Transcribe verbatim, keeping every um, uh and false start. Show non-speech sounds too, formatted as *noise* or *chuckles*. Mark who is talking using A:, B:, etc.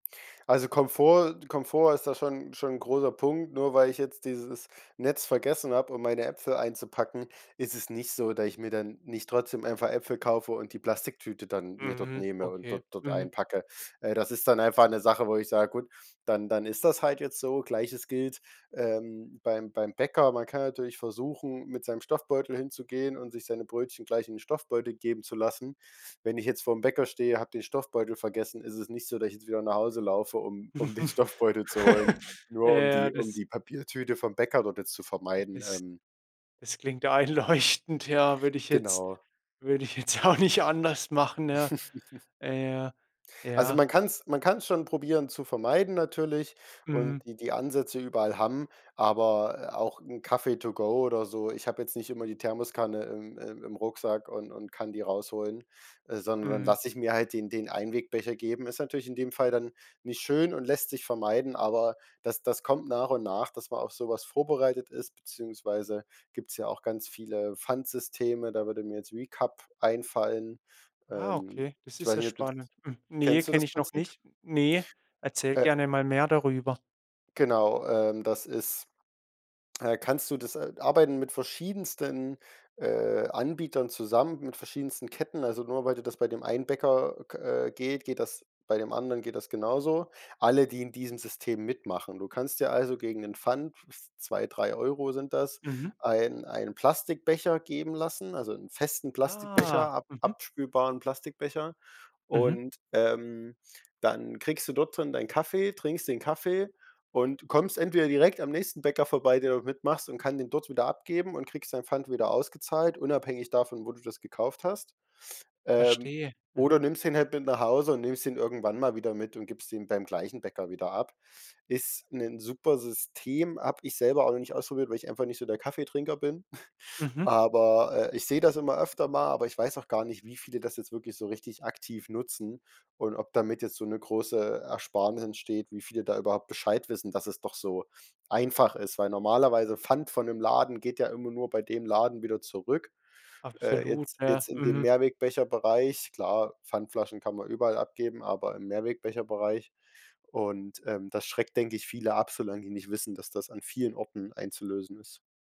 A: Also Komfort Komfort ist da schon schon 'n großer Punkt. Nur weil ich jetzt dieses Netz vergessen habe, um meine Äpfel einzupacken, ist es nicht so, dass ich mir dann nicht trotzdem einfach Äpfel kaufe und die Plastiktüte dann mir dort
B: Mhm.
A: nehme und
B: Okay.
A: dort dort
B: Mhm.
A: einpacke. Äh, das ist dann einfach 'ne Sache, wo ich sag: „Gut, dann dann ist das halt jetzt so.“ Gleiches gilt, ähm, beim beim Bäcker. Man kann natürlich versuchen, mit seinem Stoffbeutel hinzugehen und sich seine Brötchen gleich in den Stoffbeutel geben zu lassen. Wenn ich jetzt vorm Bäcker stehe, habe den Stoffbeutel vergessen, ist es nicht so, dass ich jetzt wieder nach Hause laufe, um um den Stoffbeutel zu holen,
B: *laughs* Ja,
A: nur um
B: ja,
A: die um
B: das
A: die Papiertüte vom Bäcker dort jetzt zu vermeiden,
B: Das
A: ähm.
B: das klingt einleuchtend, ja, würde ich jetzt
A: Genau.
B: würde ich jetzt ja auch nicht anders machen, ja?
A: *giggles*
B: Äh, ja.
A: Also, man
B: Ja.
A: kann's man kann's schon probieren, zu vermeiden, natürlich, und
B: Mhm.
A: die die Ansätze überall haben, aber, äh, auch 'n Kaffee to go oder so ich habe jetzt nicht immer die Thermoskanne im im im Rucksack und und kann die rausholen, äh, sondern dann
B: Mhm.
A: lasse ich mir halt den den Einwegbecher geben. Ist natürlich in dem Fall dann nicht schön und lässt sich vermeiden, aber das das kommt nach und nach, dass man auf so was vorbereitet ist, beziehungsweise gibt's ja auch ganz viele Pfandsysteme, da würde mir jetzt Recup einfallen.
B: Ah,
A: Ähm,
B: okay, das
A: ich
B: ist
A: weiß
B: ja
A: nicht, ob du das
B: spannend. Mhm. Ne,
A: kennst du das
B: kenne ich noch
A: Prinzip?
B: nicht. Ne, erzähl
A: Äh
B: gerne mal mehr darüber.
A: Genau, ähm, das ist äh, kannst du das äh, arbeiten mit verschiedensten, äh, Anbietern zusammen, mit verschiedensten Ketten, also nur weil du das bei dem einen Bäcker, äh, k geht, geht das bei dem anderen geht das genauso. Alle, die in diesem System mitmachen. Du kannst dir also gegen 'n Pfand, zwei, drei sind das,
B: Mhm.
A: einen einen Plastikbecher geben lassen, also 'n festen Plastikbecher,
B: Ah.
A: ab
B: Mhm.
A: abspülbaren Plastikbecher,
B: Mhm.
A: und, ähm, dann kriegst du dort drin dein Kaffee, trinkst den Kaffee und kommst entweder direkt am nächsten Bäcker vorbei, der dort mitmachst und kann den dort wieder abgeben und kriegst deinen Pfand wieder ausgezahlt, unabhängig davon, wo du das gekauft hast. Ähm,
B: Verstehe. Mhm.
A: oder nimmst den halt mit nach Hause und nimmst ihn irgendwann mal wieder mit und gibst den beim gleichen Bäcker wieder ab. Ist 'nen super System, hab ich selber auch nicht ausprobiert, weil ich einfach nicht so der Kaffeetrinker bin,, *chuckles*
B: Mhm.
A: aber, äh, ich sehe das immer öfter mal, aber ich weiß auch gar nicht, wie viele das jetzt wirklich so richtig aktiv nutzen und ob damit jetzt so 'ne große Ersparnis entsteht, wie viele da überhaupt Bescheid wissen, dass es doch so einfach ist, weil normalerweise Pfand von dem Laden geht ja immer nur bei dem Laden wieder zurück, äh,
B: Absolut.
A: jetzt
B: Ja.
A: jetzt in dem
B: Mhm.
A: Mehrwegbecherbereich. Klar, Pfandflaschen kann man überall abgeben, aber im Mehrwegbecherbereich und, ähm, das schreckt, denke ich, viele ab, solange die nicht wissen, dass das an vielen Orten einzulösen ist.